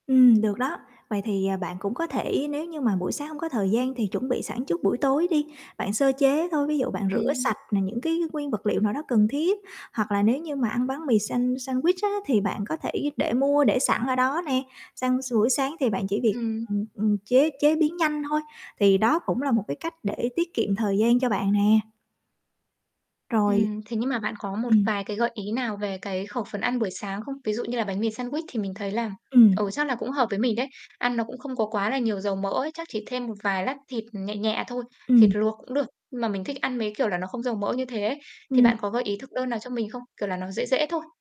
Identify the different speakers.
Speaker 1: Ừm, được đó. Vậy thì, ờ, bạn cũng có thể nếu như mà buổi sáng hông có thời gian thì chuẩn bị sẵn trước buổi tối đi. Bạn sơ chế thôi, ví dụ bạn rửa
Speaker 2: Ừm.
Speaker 1: sạch nè những cái nguyên vật liệu nào đó cần thiết hoặc là nếu như mà ăn bánh mì sand sandwich á, thì bạn có thể để mua để sẵn ở đó nè. Sang buổi sáng thì bạn chỉ việc,
Speaker 2: Ừm.
Speaker 1: ừm, ừm, chế chế biến nhanh thôi. Thì đó cũng là một cái cách để tiết kiệm thời gian cho bạn nè. Rồi.
Speaker 2: Ừm, thế nhưng mà bạn có một
Speaker 1: Ừm.
Speaker 2: vài cái gợi ý nào về cái khẩu phần ăn buổi sáng không? Ví dụ như là bánh mì sandwich thì mình thấy là, ừ,
Speaker 1: Ừm.
Speaker 2: chắc là cũng hợp với mình đấy. Ăn nó cũng không có quá là nhiều dầu mỡ ấy, chắc chỉ thêm một vài lát thịt nhẹ nhẹ thôi, thịt
Speaker 1: Ừm.
Speaker 2: luộc cũng được nhưng mà mình thích ăn mấy cái kiểu là nó không dầu mỡ như thế ấy. Thì
Speaker 1: Ừm.
Speaker 2: bạn có gợi ý thực đơn nào cho mình không? Kiểu là, nó dễ dễ thôi.